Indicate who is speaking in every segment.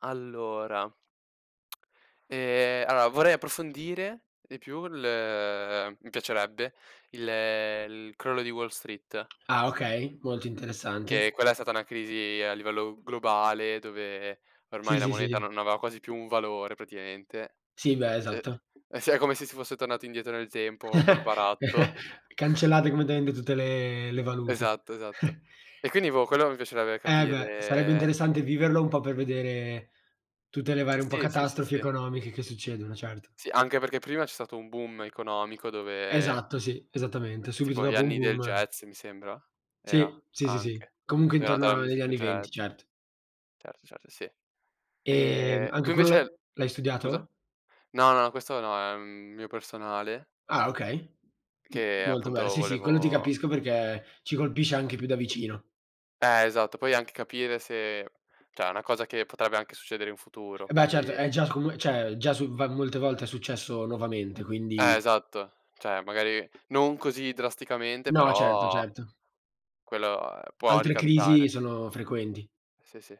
Speaker 1: Allora ehm, allora vorrei approfondire di più il mi piacerebbe il il crollo di Wall Street.
Speaker 2: Ah, okay, molto interessante.
Speaker 1: Che quella è stata una crisi a livello globale, dove
Speaker 2: Sì,
Speaker 1: ormai la
Speaker 2: sì,
Speaker 1: moneta
Speaker 2: sì.
Speaker 1: non aveva quasi più un valore praticamente.
Speaker 2: Sì, beh,
Speaker 1: [unintelligible]
Speaker 2: esatto.
Speaker 1: è si è come se si fosse tornato indietro nel tempo col baratto.
Speaker 2: Cancellate come dende tutte le le valute.
Speaker 1: Esatto, esatto. E quindi boh, quello mi piacerebbe
Speaker 2: Eh beh, sarebbe
Speaker 1: capire
Speaker 2: interessante viverlo un po' per vedere tutte le varie un po'
Speaker 1: Sì, sì, sì,
Speaker 2: catastrofi
Speaker 1: sì.
Speaker 2: economiche che succedono, certo.
Speaker 1: Sì, anche perché prima c'è stato un boom economico dove
Speaker 2: Esatto, sì, esattamente, subito
Speaker 1: tipo gli
Speaker 2: dopo un
Speaker 1: anni del
Speaker 2: boom.
Speaker 1: jazz mi sembra, era,
Speaker 2: Sì, sì, sì, sì,
Speaker 1: anche,
Speaker 2: comunque
Speaker 1: dove è nata la
Speaker 2: intorno agli
Speaker 1: musica
Speaker 2: anni '20
Speaker 1: jazz.
Speaker 2: cert
Speaker 1: Certo, certo, sì.
Speaker 2: Ehm,
Speaker 1: E
Speaker 2: anche
Speaker 1: tu
Speaker 2: quello l'ha
Speaker 1: invece
Speaker 2: l'hai
Speaker 1: scusa?
Speaker 2: studiato?
Speaker 1: No, no, questo no, è un mio personale
Speaker 2: Ah okay, m
Speaker 1: che
Speaker 2: molto bel
Speaker 1: appunto
Speaker 2: sì, sì, quello ti
Speaker 1: volevo
Speaker 2: capisco perché ci colpisce anche più da vicino.
Speaker 1: Eh, esatto. Poi anche capire se cioè è una cosa che potrebbe anche succedere in futuro,
Speaker 2: Eh beh certo,
Speaker 1: quindi
Speaker 2: è già com cioè già su molte volte è successo nuovamente,
Speaker 1: Eh,
Speaker 2: quindi
Speaker 1: esatto, cioè magari non così drasticamente
Speaker 2: No certo,
Speaker 1: però
Speaker 2: certo.
Speaker 1: quello, ehm, può
Speaker 2: Altre crisi
Speaker 1: ricapitare.
Speaker 2: sono frequenti.
Speaker 1: Sì, sì,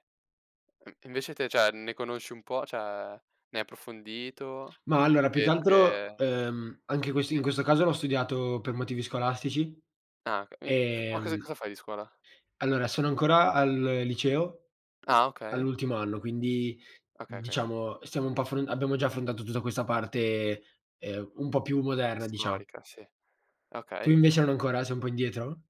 Speaker 1: uhm, invece te cioè ne conosci un po', cioè ne hai approfondito?
Speaker 2: Ma allora più che
Speaker 1: E tu,
Speaker 2: altro,
Speaker 1: che
Speaker 2: ehm, anche quest in
Speaker 1: Sì.
Speaker 2: questo caso l'ho studiato per motivi scolastici,
Speaker 1: Ah, okay. Minc f ma cos
Speaker 2: ehm
Speaker 1: cosa fai di scuola?
Speaker 2: Allora sono ancora al liceo,
Speaker 1: Ah, okay.
Speaker 2: all'ultimo anno, quindi
Speaker 1: Okay, okay.
Speaker 2: diciamo stiamo un po' affr abbiamo già affrontato tutta questa parte, ehm, un po' più moderna dicia
Speaker 1: Storica sì,
Speaker 2: Tu
Speaker 1: okay.
Speaker 2: invece non ancora, sei un po' indietro?